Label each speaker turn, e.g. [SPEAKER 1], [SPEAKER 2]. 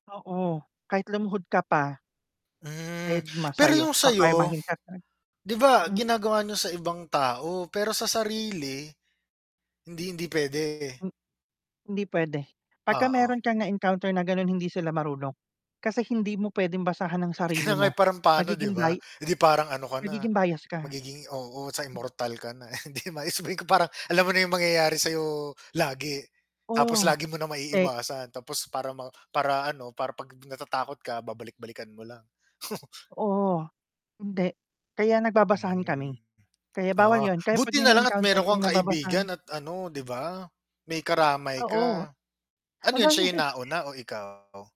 [SPEAKER 1] Oo, kahit lumuhod ka pa.
[SPEAKER 2] Hmm,
[SPEAKER 1] Deadma
[SPEAKER 2] pero yung
[SPEAKER 1] sayo,
[SPEAKER 2] sayo
[SPEAKER 1] kakarmahin ka 'non,
[SPEAKER 2] 'di ba
[SPEAKER 1] mm.
[SPEAKER 2] ginagawa niyo sa ibang tao pero sa sarili, hindi, hindi pwede?
[SPEAKER 1] M hindi pwede pagka
[SPEAKER 2] Oo.
[SPEAKER 1] meron kang na-encounter na ganon hindi sila marunong. Kasi hindi mo pwedeng basahan ang
[SPEAKER 2] Kaya
[SPEAKER 1] sarili
[SPEAKER 2] nga, eh,
[SPEAKER 1] mo,
[SPEAKER 2] parang paano 'di
[SPEAKER 1] magiging
[SPEAKER 2] ba?
[SPEAKER 1] bay
[SPEAKER 2] Eh, di parang ano ka na
[SPEAKER 1] magiging bias ka.
[SPEAKER 2] magiging oo, sa immortal ka na. Hindi maexplain kung parang alam mo na yung mangyayari sayo lagi tapos
[SPEAKER 1] Oo
[SPEAKER 2] lagi mo na
[SPEAKER 1] te
[SPEAKER 2] maiiwasan tapos para ma para ano para 'pag natatakot ka babalik-balikan mo lang.
[SPEAKER 1] Oo, hindi. Kaya nagbabasahan
[SPEAKER 2] Hmm,
[SPEAKER 1] kami kaya bawal
[SPEAKER 2] ah,
[SPEAKER 1] yun kaya pag
[SPEAKER 2] buti
[SPEAKER 1] may
[SPEAKER 2] nalang at
[SPEAKER 1] na-encounter
[SPEAKER 2] meron
[SPEAKER 1] kang
[SPEAKER 2] kang
[SPEAKER 1] nababasahan
[SPEAKER 2] kaibigan at ano 'di ba, may karamay
[SPEAKER 1] Oo.
[SPEAKER 2] ka. Ano yun siya nauna o ikaw?